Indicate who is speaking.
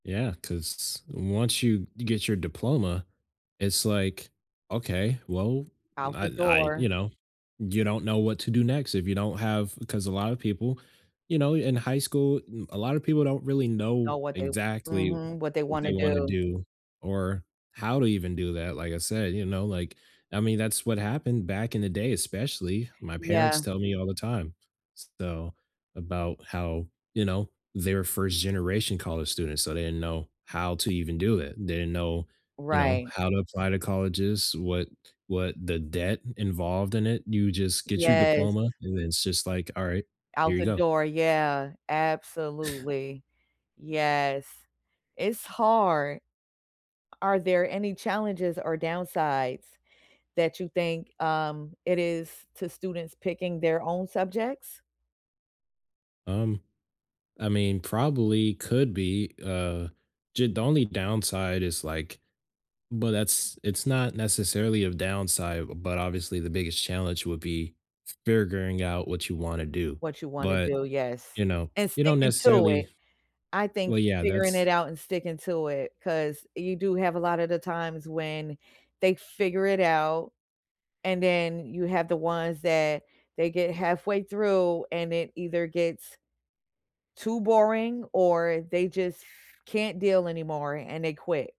Speaker 1: Yeah, 'cause once you ge get your diploma, it's like, "Okay, well, n
Speaker 2: Out
Speaker 1: I
Speaker 2: the
Speaker 1: I"
Speaker 2: door.
Speaker 1: you know, you don't know what to do next if you don't have 'Cause a lot of people you know, in high school, mm, a lot of people don't really know
Speaker 2: Now what they
Speaker 1: exactly
Speaker 2: Mhm, what they
Speaker 1: what they
Speaker 2: wanna
Speaker 1: wanna
Speaker 2: do.
Speaker 1: do, or how to even do that, like I said, you know, like, I mean, that's what happened back in the day, especially. My parents
Speaker 2: Yeah.
Speaker 1: tell me all the time, s so, about how, you know, they're 1st generation college students, so they didn't know how to even do it, they didn't know, you know,
Speaker 2: Right.
Speaker 1: how to apply to colleges, what what the debt involved in it, you just get your
Speaker 2: Yes.
Speaker 1: diploma, and then it's just like, "Alright,
Speaker 2: Out
Speaker 1: here you
Speaker 2: the
Speaker 1: go."
Speaker 2: door. Yeah, absolutely. Yes, it's hard. Are there any challenges or downsides that you think, um, it is to students picking their own subjects?
Speaker 1: Um, I mean, probably, could be, uh, ju The only downside is, like but that's it's not necessarily a downside, but, obviously, the biggest challenge would be f figuring out what you wanna do.
Speaker 2: What you wanna
Speaker 1: But,
Speaker 2: do. Yes,
Speaker 1: you know,
Speaker 2: and
Speaker 1: you don't
Speaker 2: sticking to it.
Speaker 1: necessarily
Speaker 2: I think
Speaker 1: Well, yeah,
Speaker 2: figuring it
Speaker 1: that's
Speaker 2: out and sticking to it, 'cause you do have a lot of the times when they figure it out, and then, you have the ones that they get halfway through and it either gets too boring, or they just can't deal anymore, and they quit.